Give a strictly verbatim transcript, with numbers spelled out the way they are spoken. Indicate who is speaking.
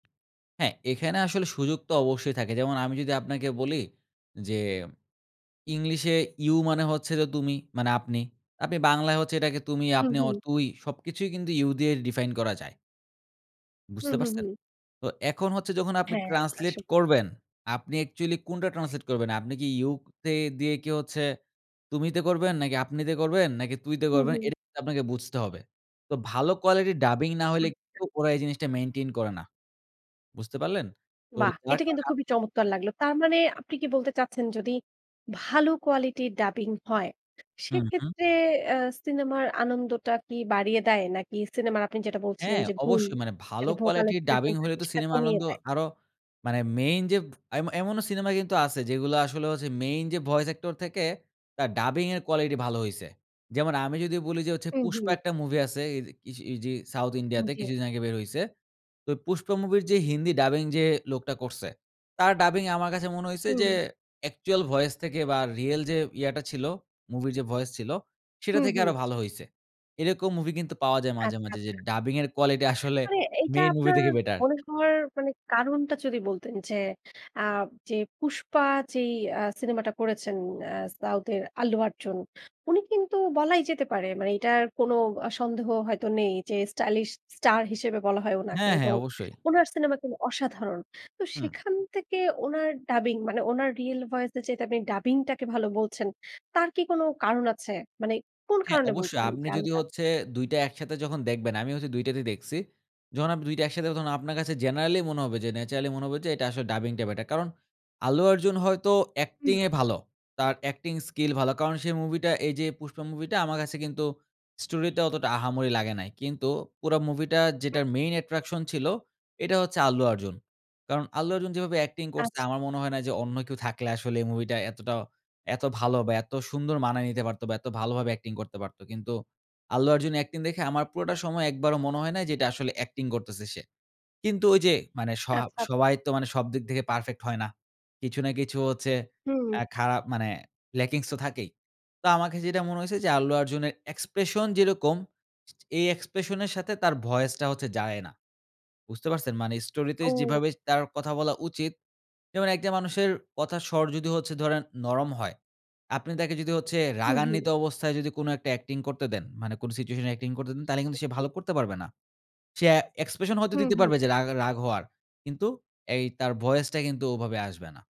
Speaker 1: হ্যাঁ। এখানে আসলে সুযোগ তো অবশ্যই থাকে। যেমন আমি যদি আপনাকে বলি যে, ইংলিশে You মানে হচ্ছে যে তুমি মানে আপনি। আপনি বাংলায় হচ্ছে এটাকে তুমি,
Speaker 2: হুম,
Speaker 1: আপনি
Speaker 2: হুম।
Speaker 1: অর তুই সবকিছুই কিন্তু You দিয়ে ডিফাইন করা যায়।
Speaker 2: হুম,
Speaker 1: বুঝতে
Speaker 2: হুম,
Speaker 1: পারছেন?
Speaker 2: হুম।
Speaker 1: তো এখন হচ্ছে যখন আপনি
Speaker 2: হ্যাঁ,
Speaker 1: ট্রান্সলেট
Speaker 2: আসলে।
Speaker 1: করবেন, আপনি অ্যাকচুয়ালি কোনটা ট্রান্সলেট করবেন? আপনি কি You তে দিয়ে কি হচ্ছে তুমিতে করবেন? নাকি আপনিতে করবেন? নাকি তুইতে
Speaker 2: হুম,
Speaker 1: করবেন?
Speaker 2: হুম।
Speaker 1: এটা কিন্তু আপনাকে বুঝতে হবে। তো ভালো কোয়ালিটির ডাবিং না হইলে
Speaker 2: আচ্ছা।
Speaker 1: কিন্তু ওরা এই জিনিসটা মেইনটেইন করে না। বুঝতে পারলেন? তো
Speaker 2: বাহ!
Speaker 1: যার
Speaker 2: এটা
Speaker 1: কারণে
Speaker 2: কিন্তু
Speaker 1: আপনি
Speaker 2: খুবই
Speaker 1: যখন
Speaker 2: চমৎকার লাগলো। তার মানে আপনি কি বলতে চাচ্ছেন যদি ভালো কোয়ালিটির ডাবিং হয়,
Speaker 1: হুম, হুম।
Speaker 2: সেক্ষেত্রে অ্যা সিনেমার আনন্দটা কি বাড়িয়ে দেয়? নাকি সিনেমার আপনি যেটা বলছিলেন
Speaker 1: হ্যাঁ,
Speaker 2: যে, "গুণ"
Speaker 1: অবশ্যই মানে ভালো
Speaker 2: যেটা ভোকাল
Speaker 1: কোয়ালিটির ডাবিং
Speaker 2: এক্সপ্রেশন
Speaker 1: হলে
Speaker 2: থাকে
Speaker 1: তো
Speaker 2: সেটা
Speaker 1: সিনেমা
Speaker 2: কমিয়ে
Speaker 1: আনন্দ
Speaker 2: দেয়?
Speaker 1: আরো মানে মেইন যে এম এমনও সিনেমা কিন্তু আছে যেগুলো আসলে হচ্ছে মেইন যে ভয়েস অ্যাক্টর থেকে তার ডাবিংয়ের কোয়ালিটি ভালো হইছে। যেমন আমি যদি বলি যে হচ্ছে,
Speaker 2: হুম,
Speaker 1: 'Pushpa'
Speaker 2: হুম।
Speaker 1: একটা মুভি আছে। এদে কিসে ইজি সাউথ
Speaker 2: হুম
Speaker 1: ইন্ডিয়াতে।
Speaker 2: জ্বি।
Speaker 1: কিছুদিন আগে বের হইছে। তো 'Pushpa' মুভির যে হিন্দি ডাবিং যে লোকটা করছে, তার ডাবিং আমার কাছে মনে হইছে যে
Speaker 2: হুম।
Speaker 1: অ্যাকচুয়াল ভয়েস থেকে বা, রিয়েল যে ইয়াটা ছিল মুভির যে ভয়েস ছিল, সেটা
Speaker 2: হুম,
Speaker 1: থেকে
Speaker 2: হুম।
Speaker 1: আরো ভালো হইছে। এরকম মুভি কিন্তু পাওয়া যায় মাঝে,
Speaker 2: আচ্ছা,
Speaker 1: মাঝে যে
Speaker 2: আচ্ছা।
Speaker 1: ডাবিংয়ের কোয়ালিটি আসলে
Speaker 2: মানে এইটা
Speaker 1: মেইন মুভি
Speaker 2: আপনার
Speaker 1: থেকে বেটার।
Speaker 2: মনে হওয়ার মানে কারণটা যদি বলতেন যে, আ যে 'Pushpa' যেই অ্যা সিনেমাটা করেছেন অ্যা সাউথের আল্লু অর্জুন, উনি কিন্তু বলাই যেতে পারে মানে এটার কোন আ সন্দেহ হয়তো নেই যে স্টাইলিশ স্টার হিসেবে বলা হয় উনাকে
Speaker 1: হ্যাঁ, হ্যাঁ।
Speaker 2: এবং
Speaker 1: অবশ্যই।
Speaker 2: উনার সিনেমা কিন্তু অসাধারণ। তো
Speaker 1: হুম।
Speaker 2: সেখান থেকে ওনার ডাবিং মানে ওনার রিয়েল ভয়েসের চাইতে আপনে ডাবিংটাকে ভালো বলছেন, তার কি কোন কারণ আছে? মানে কোন
Speaker 1: হ্যাঁ
Speaker 2: কারণে
Speaker 1: অবশ্যই।
Speaker 2: বলছেন
Speaker 1: আপনি
Speaker 2: যে
Speaker 1: যদি
Speaker 2: আলাদা?
Speaker 1: হচ্ছে দুইটা একসাথে যখন দেখবেন। আমি হইসে দুইটা তেই দেখছি। যখন আপনি দুইটা একসাথে তখন আপনার কাছে জেনারেলি মনে হবে যে ন্যাচারালি মনে হবে যে এটা আসলে ডাবিংটা বেটার। কারণ, আল্লু অর্জুন হয়তো
Speaker 2: হুম।
Speaker 1: অ্যাক্টিংয়ে ভালো। তার অ্যাক্টিং স্কিল ভালো। কারণ সেই মুভিটা এইযে 'Pushpa' মুভিটা আমার কাছে কিন্তু স্টোরিটা অতটা আহামরি লাগে নাই। কিন্তু পুরা মুভিটা
Speaker 2: হু।
Speaker 1: যেটার main attraction ছিল, এটা হচ্ছে আল্লু অর্জুন। কারণ আল্লু অর্জুন যেভাবে অ্যাক্টিং করছে
Speaker 2: আচ্ছা।
Speaker 1: আমার মনে হয় না যে অন্য কেউ থাকলে আসলে এই মুভিটা এতটা এত ভালো বা, এত সুন্দর মানায় নিতে পারতো বা, এত ভালোভাবে অ্যাক্টিং করতে পারত। কিন্তু আল্লু অর্জুন অ্যাক্টিং দেখে আমার পুরাটা সময় একবারও মনে হয় নাই যে এটা আসলে অ্যাক্টিং করতেছে সে। কিন্তু ঐযে মানে সহা
Speaker 2: আচ্ছা।
Speaker 1: সবাই তো মানে সবদিক থেকে পারফেক্ট হয় না। কিছু না কিছু হচ্ছে
Speaker 2: হুম।
Speaker 1: অ্যা খারাপ মানে ল্যাকিংস তো থাকেই। তো আমার কাছে যেটা মনে হইছে যে আল্লু অর্জুনের এক্সপ্রেশন যেরকম, ছা ছা এই এক্সপ্রেশনের সাথে তার ভয়েসটা হচ্ছে যায় না। বুঝতে পারছেন? মানে স্টোরিতে
Speaker 2: ও।
Speaker 1: যেভাবে তার কথা বলা উচিত যেমন একটা মানুষের কথার স্বর যদি হচ্ছে ধরেন নরম হয়। আপনি তাকে যদি হচ্ছে
Speaker 2: হুম, হুম।
Speaker 1: রাগান্বিত অবস্থায় যদি কোনো একটা অ্যাক্টিং করতে দেন, মানে কোন সিচুয়েশনে অ্যাক্টিং করতে দেন তাইলে কিন্তু সে
Speaker 2: ওকে।
Speaker 1: ভালো করতে পারবে না। সে অ্যা এক্সপ্রেশন হয়তো
Speaker 2: হুম,
Speaker 1: দিতে পারবে
Speaker 2: হুম।
Speaker 1: যে রাগ রাগ হওয়ার। কিন্তু এই তার ভয়েসটা কিন্তু ওভাবে আসবে না।